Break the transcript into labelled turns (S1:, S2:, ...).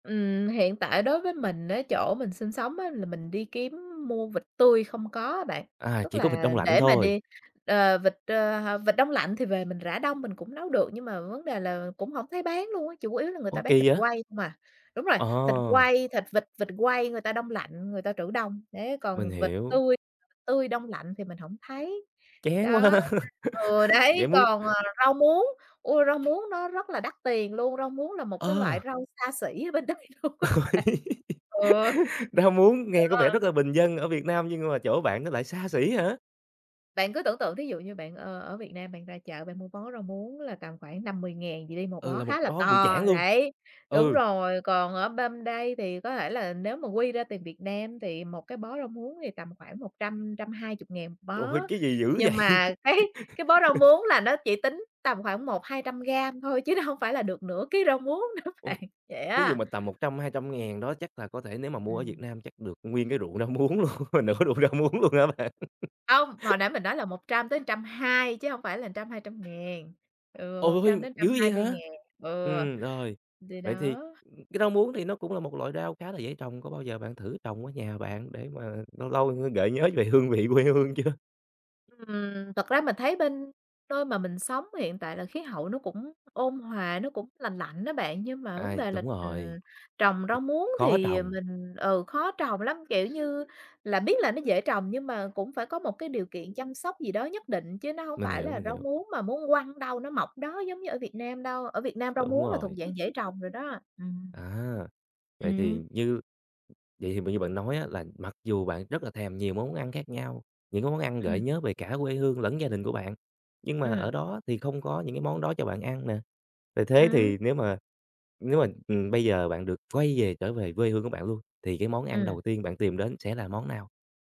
S1: Ừm, hiện tại đối với mình á chỗ mình sinh sống á là mình đi kiếm mua vịt tươi không có á bạn,
S2: À,
S1: tức
S2: chỉ có vịt
S1: là
S2: đông lạnh
S1: để mà
S2: thôi.
S1: đi ờ, vịt, ơ, h vịt đông lạnh thì về mình rã đông mình cũng nấu được, nhưng mà vấn đề là cũng hông thấy bán luôn á, chủ yếu là người ta
S2: Ô,
S1: bán thịt
S2: kỳ vậy?
S1: quay hông à. Đúng rồi, thịt
S2: Ờ.
S1: quay, thịt vịt vịt quay người ta đông lạnh, người ta trữ đông, đấy,
S2: Mình
S1: còn vịt
S2: hiểu.
S1: tươi tươi đông lạnh thì mình hổng thấy.
S2: Chán quá ha,
S1: Đó ừ,
S2: vậy
S1: đấy,
S2: muốn
S1: còn, ờ, rau muống, ôi, rau muống nó rất là đắt tiền luôn, rau muống là một cái loại
S2: Ờ.
S1: rau xa xỉ bên đây luôn á bạn, ừ.
S2: Rau muống nghe có vẻ
S1: [unintelligible]
S2: rất là bình dân ở Việt Nam nhưng mà chỗ bạn nó lại xa xỉ hả?
S1: Bạn cứ tưởng tượng thí dụ như bạn, ơ, ở Việt Nam bạn ra chợ bạn mua bó rau muống là tầm khoảng 5.000-10.000 gì đi một
S2: Ừ,
S1: bó
S2: là một
S1: khá là
S2: đó bự
S1: to,
S2: chảng luôn,
S1: đấy đúng
S2: ừ.
S1: rồi, còn ở bên đây thì có thể là nếu mà quy ra tiền Việt Nam thì một cái bó rau muống thì tầm khoảng 100.000-120.000 một
S2: Trời
S1: bó,
S2: ơi! Cái gì dữ
S1: nhưng
S2: vậy?
S1: mà cái cái bó rau muống là nó chỉ tính tầm khoảng 100-200 gam thôi chứ nó hông phải là được nửa ký rau muống nữa
S2: Ôi,
S1: bạn, vậy
S2: thí dụ
S1: á.
S2: mà tầm 100.000-200.000 đó chắc là có thể nếu mà mua ở Việt
S1: Ừm.
S2: Nam chắc được nguyên cái ruộng rau muống luôn mà nửa ruộng rau muống luôn á bạn.
S1: Hông, mà hồi nãy mình nói là 100 tới 120 chứ không phải là 100.000-200.000, ừ, một trăm
S2: Ôi!
S1: đến
S2: Dữ
S1: trăm
S2: vậy
S1: hai mươi
S2: hả?
S1: ngàn, ừ.
S2: Ừm, rồi,
S1: Thì
S2: vậy thì
S1: đó.
S2: cái rau muốn thì nó cũng là một loại rau khá là dễ trồng, có bao giờ bạn thử trồng ở nhà bạn để mà lâu lâu, ơ, gợi nhớ về hương vị quê hương chưa?
S1: Ừm, thật ra mình thấy bên nơi mà mình sống hiện tại là khí hậu nó cũng ôn hòa, nó cũng lành lạnh đó bạn, nhưng mà vấn
S2: À,
S1: đề là,
S2: đúng rồi,
S1: ừm, trồng rau muống
S2: khó
S1: thì
S2: trồng.
S1: mình ừ, khó trồng lắm, kiểu như, là biết là nó dễ trồng nhưng mà cũng phải có một cái điều kiện chăm sóc gì đó nhất định, chứ nó hông
S2: Mình
S1: phải
S2: hiểu,
S1: là
S2: mình
S1: rau
S2: hiểu.
S1: muống mà muốn quăng ở đâu nó mọc ở đó giống như ở Việt Nam đâu, ở Việt Nam rau
S2: Đúng
S1: muống là thuộc
S2: rồi.
S1: dạng dễ trồng rồi đó, ừm.
S2: À, vậy thì
S1: Ừm.
S2: như vậy thì mà như
S1: Ừm.
S2: bạn nói á là mặc dù bạn rất là thèm nhiều món ăn khác nhau, những cái món ăn gợi
S1: Ừm.
S2: nhớ về cả quê hương lẫn gia đình của bạn, nhưng mà ở
S1: Ừm.
S2: đó thì không có những cái món đó cho bạn ăn nè. Vậy thế
S1: Ừm.
S2: thì nếu mà nếu mà, ừm, bây giờ bạn được quay về, trở về quê hương của bạn luôn, thì cái món ăn
S1: Ừm.
S2: đầu tiên bạn tìm đến sẽ là món nào?